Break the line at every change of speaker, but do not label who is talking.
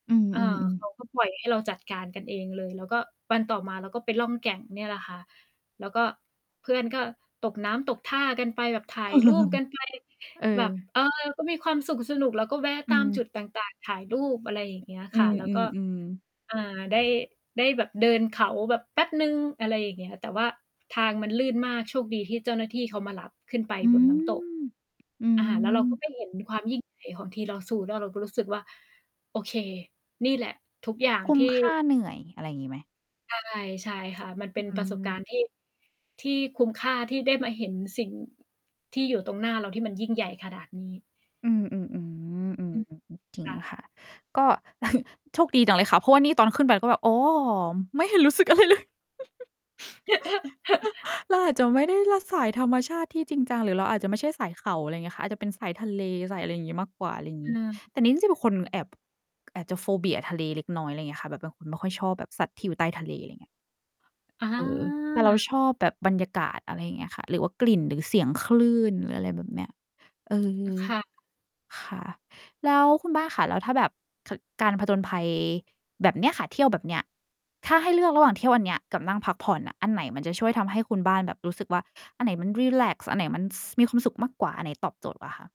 อื
เอ่อ
อ
เข
ๆ ๆ
าก็ปล่อยให้เราจัดการกันเองเลย เราก็วันต่อมาเราก็ไปล่องแก่งเนี่ยแหละค่ะ แล้วก็เพื่อนก็ตกน้ำตกท่ากันไป แบบถ่ายรูปกันไป
เออ
แบบ เออ ก็มีความสุขสนุก แล้วก็แวะ
อ
ต
ื
ามจุ
ม
ดต่าง ๆ ถ่ายรูป อะไรอย่างเงี้ย
อ อ
ค่ะ แล้ว
ื
ก็
อ ๆ ๆ
อ่า ได้ ได้แบบเดินเขาแบบแป๊บหนึ่ง อะไรอย่างเงี้ย แต่ว่าทางมันลื่นมาก โชคดีที่เจ้าหน้าที่เขามารับขึ้นไป
อื
บนน้ำตก
ม อื
อ่า แล้วเราก็
ม
ไปเห็นความยิ่งใหญ่ของทีลอซู แล้วเราก็รู้สึกว่า โอเค นี่แหละ ทุกอย่าง
คุ้
ท
ม
ี่
ค่าเหนื่อย อะไรอย่างงี้ไหม?
ใช่ ใช่ค่ะ มันเป
อ
็น
อื
ประสบการณ
ม
์ ที่ ที่คุ้มค่าที่ได้มาเห็นสิ่งที่อยู่ตรงหน้าเรา ที่มันยิ่งใหญ่ขนาดนี้
อืม
อื
ๆ
ม
ๆ ๆ
ค
ๆ ๆ จริง
่ะ
ค่ะ ก็ โชคดีจังเลยค่ะ เพราะว่านี่ตอนขึ้นไป ก็แบบ อ๋อ ไม่เห็นรู้สึกอะไรเลย เราอาจจะไม่ได้รักสายธรรมชาติที่จริงจัง หรือเราอาจจะไม่ใช่สายเขา อะไรอย่างเงี้ยค่ะ อาจจะเป็นสายทะเล สายอะไรอย่างงี้มากกว่า อะไรงี้
เออ
แต่นี้จะเป็นคนแอบ แอบจะ โฟเบีย ทะเลเล็กน้อย อะไรอย่างเงี้ยค่ะ แบบบางคนไม่ค่อยชอบแบบสัตว์ที่อยู่ใต้ทะเล อะไรอย่างเงี้ย
อะ
เออ แต่
ฮ
เรา
ะ
ชอบแบบบรรยากาศ อะไรอย่างเงี้ยค่ะ หรือว่ากลิ่น หรือเสียงคลื่น หรืออะไรแบบเนี้ย เออ
ค่ะ
ค่ะ แล้วคุณบ้านคะ แล้วถ้าแบบ ค การผจญภัยแบบเนี้ยค่ะ เที่ยวแบบเนี้ย ถ้าให้เลือกระหว่างเที่ยวอันเนี้ยกับนั่งพักผ่อนอะ อันไหนมันจะช่วยทำให้คุณบ้านแบบรู้สึกว่า อันไหนมันรีแลกซ์ อันไหนมัน ส มีความสุขมากกว่า อันไหนตอบโจทย์กว่าคะ?